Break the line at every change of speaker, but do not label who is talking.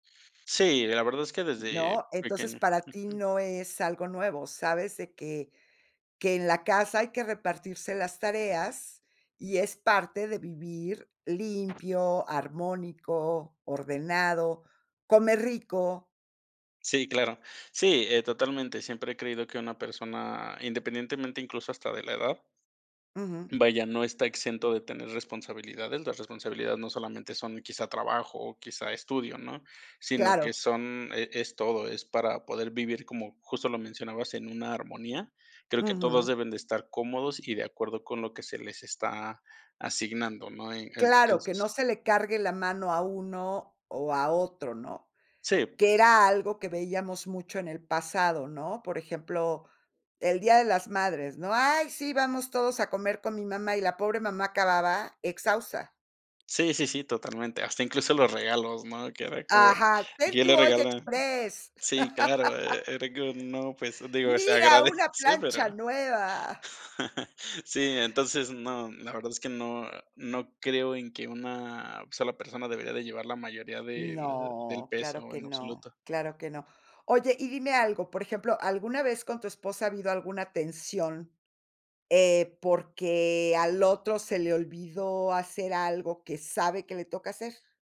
Sí, la verdad es que desde
¿No? Entonces,
pequeño.
para ti
Ujú.
no es algo nuevo, sabes de que que en la casa hay que repartirse las tareas, y es parte de vivir limpio, armónico, ordenado, comer rico.
Sí, claro. Sí, eh, totalmente, siempre he creído que una persona, independientemente incluso hasta de la edad
Ujú.
vaya, no está exento de tener responsabilidades, las responsabilidades no solamente son quizá trabajo o quizá estudio, ¿no? Sino que
Claro.
son e es todo, es para poder vivir, como justo lo mencionabas, en una armonía. Creo que todos
Ujú.
deben de estar cómodos y de acuerdo con lo que se les está asignando, ¿no?, eh, en
Claro, que no
es
se le cargue la mano a uno, o a otro, ¿no?
Sí.
Que era algo que veíamos mucho en el pasado, ¿no? Por ejemplo, el día de las madres, ¿no? ¡Ay, sí! Vamos todos a comer con mi mamá, y la pobre mamá acababa, exhausta.
Sí, sí, sí, totalmente, hasta incluso los regalos, ¿no? Que era que
Ajá, "Ten
y él
tu
le
olla
regala
exprés".
sí, claro, e era que uno, pues, digo, se
"¡Mira,
agradece,
una
pero
plancha nueva!".
sí, entonces, no, la verdad es que no no creo en que una sola persona debería de llevar la mayoría de del
No, claro
peso
que
en
no,
absoluto.
claro que no. Oye, y dime algo, por ejemplo, ¿alguna vez con tu esposa ha habido alguna tensión, eh, porque al otro se le olvidó hacer algo que sabe que le toca hacer?